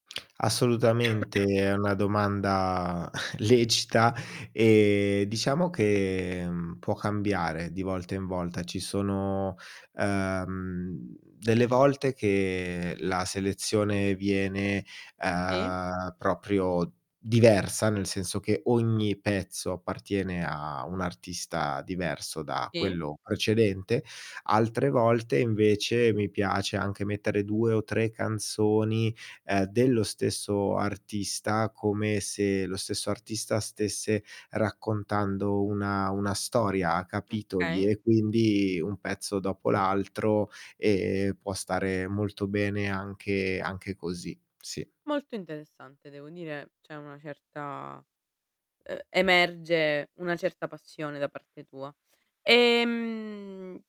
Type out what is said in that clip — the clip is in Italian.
Assolutamente, è una domanda lecita, ehm, diciamo che può cambiare di volta in volta. Ci sono, ehm, delle volte che la selezione viene, Sì. uhm, proprio diversa, nel senso che ogni pezzo appartiene a un artista diverso da Sì. quello precedente, altre volte invece mi piace anche mettere 2 o 3 canzoni, ehm, dello stesso artista, come se lo stesso artista stesse raccontando una una storia a capitoli, Okay. e quindi un pezzo dopo l'altro, e può stare molto bene anche anche così, sì. Molto interessante devo dire, c'è una certa ehm, emerge una certa passione da parte tua. Ehm